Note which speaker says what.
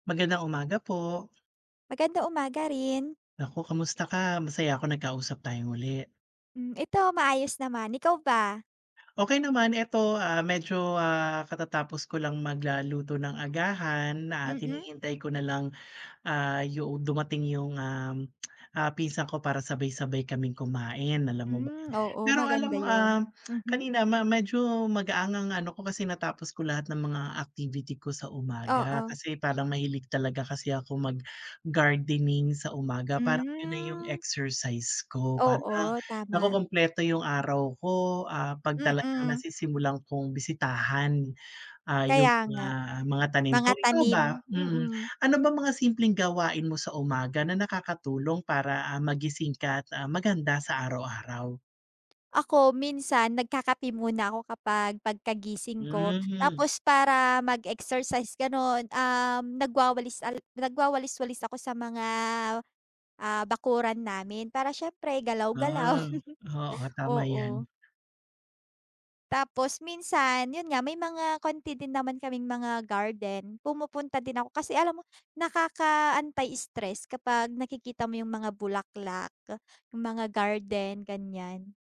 Speaker 1: Magandang umaga po.
Speaker 2: Magandang umaga rin.
Speaker 1: Naku, kamusta ka, masaya ako nagkausap tayong muli.
Speaker 2: Hmm, ito maayos naman, ikaw ba?
Speaker 1: Okey naman, eto, ah, medyo, ah, katatapos ko lang magla luto ng agahan at
Speaker 2: Mm.
Speaker 1: hinihintay ko na lang, ah, yung dumating yung um, ah, pinsan ko para sabay-sabay kaming kumain, alam mo ba
Speaker 2: Hmm, oo,
Speaker 1: pero alam
Speaker 2: maganda
Speaker 1: mo,
Speaker 2: 'yon.
Speaker 1: um,
Speaker 2: Mhm.
Speaker 1: kanina ma medyo magaang ang ano ko, kasi natapos ko lahat ng mga activity ko sa umaga.
Speaker 2: Oo.
Speaker 1: Kasi parang mahilig talaga kasi ako mag-gardening sa umaga, parang 'yon na yung
Speaker 2: Hmm.
Speaker 1: exercise ko, parang
Speaker 2: Oo, tama.
Speaker 1: nakukumpleto yung araw ko, ah, 'pag talagang
Speaker 2: Mm.
Speaker 1: nasisimulan kong bisitahan, ah, yung
Speaker 2: Kaya
Speaker 1: mga,
Speaker 2: nga,
Speaker 1: mga tanim
Speaker 2: mga
Speaker 1: ko, ikaw
Speaker 2: tanim,
Speaker 1: ba, mm,
Speaker 2: mm.
Speaker 1: ano ba mga simpleng gawain mo sa umaga, na nakakatulong para, ah, magising ka at, ah, maganda sa araw-araw?
Speaker 2: Ako, minsan nagkakape muna ako kapag, pagkagising ko,
Speaker 1: Hmm.
Speaker 2: tapos para mag-exercise gano'n, um, nagwawalis al nagwawalis-walis ako sa mga, ah, bakuran namin, para siyempre galaw-galaw,
Speaker 1: Ah, oo, tama yan.
Speaker 2: oo. Tapos minsan, 'yon nga, may mga konti din naman kaming mga garden, pumupunta din ako, kasi alam mo, nakaka-anti-stress kapag nakikita mo yung mga bulaklak, yung mga garden, ganiyan.